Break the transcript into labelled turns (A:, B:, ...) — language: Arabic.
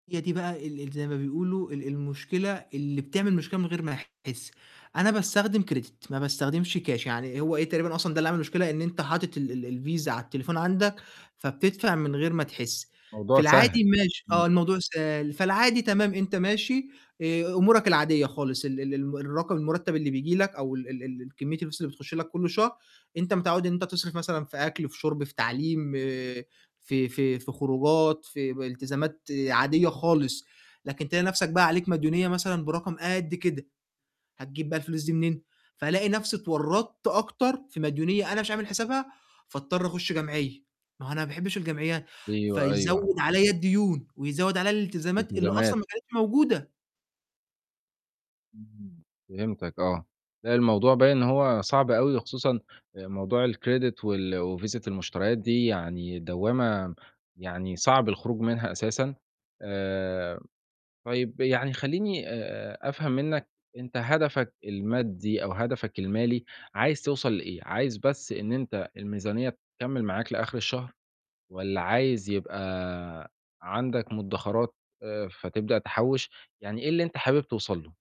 A: هي دي بقى ال ال زَي ما بيقولوا ال المشكلة اللي بتعمل مشكلة من غير ما تحسّ. أنا باستخدم credit ما باستخدمش كاش، يعني هو إيه، تقريبًا أصلًا ده اللي عمل المشكلة إن أنت حاطط ال ال الڤيزا على التليفون عندك فبتدفع من غير ما تحسّ، في
B: الموضوع
A: العادي
B: سهل.
A: ماشي
B: إمم.
A: آه، الموضوع سهل، فالعادي تمام أنت ماشي آآ أمورك العادية خالص، ال ال ال الرقم المُرتب اللي بييجي لَك أو ال ال الكمية الفلوس اللي بتخش لَك كل شهر أنت متعوّد إن أنت بتصرف مثلًا في أكْل، في شُرب، في تعليم، آآ في في في خروجات، في ب التزامات عادية خالص، لكن تلاقي نَفْسك بقى عليك مديونية مثلًا، برقم قد كده، هتجيب بقى الفلوس دي منين، فالاقي نَفْسي اتورّطت أكتر في مديونية أنا مش عامل حِسابها فاضطر أخش جمعية، ما هو أنا ما باحبش الجمعيات،
B: أيوه، أيوه.
A: فيزوّد عليَّ الديون ويزوّد عليَّ الالتزامات اللي
B: التزامات.
A: أصلًا ما كانتش موجودة.
B: امم، فهِمتك آه. لأ، الموضوع باين إن هو صعب أوي وخصوصًا موضوع الcredit وال وڤيزة المشتريات دي يعني دوامة يعني صعب الخروج منها أساسًا. آآ طيب يعني خلّيني آآ أفهم منّك أنت هدفك المادي أو هدفك المالي عايز توصل لإيه، عايز بس إن أنت الميزانية تكمِّل معاك لآخر الشهر والّا عايز يبقى عندك مدخرات آآ فتبدأ تحوّش، يعني إيه اللي أنت حابب توصل له؟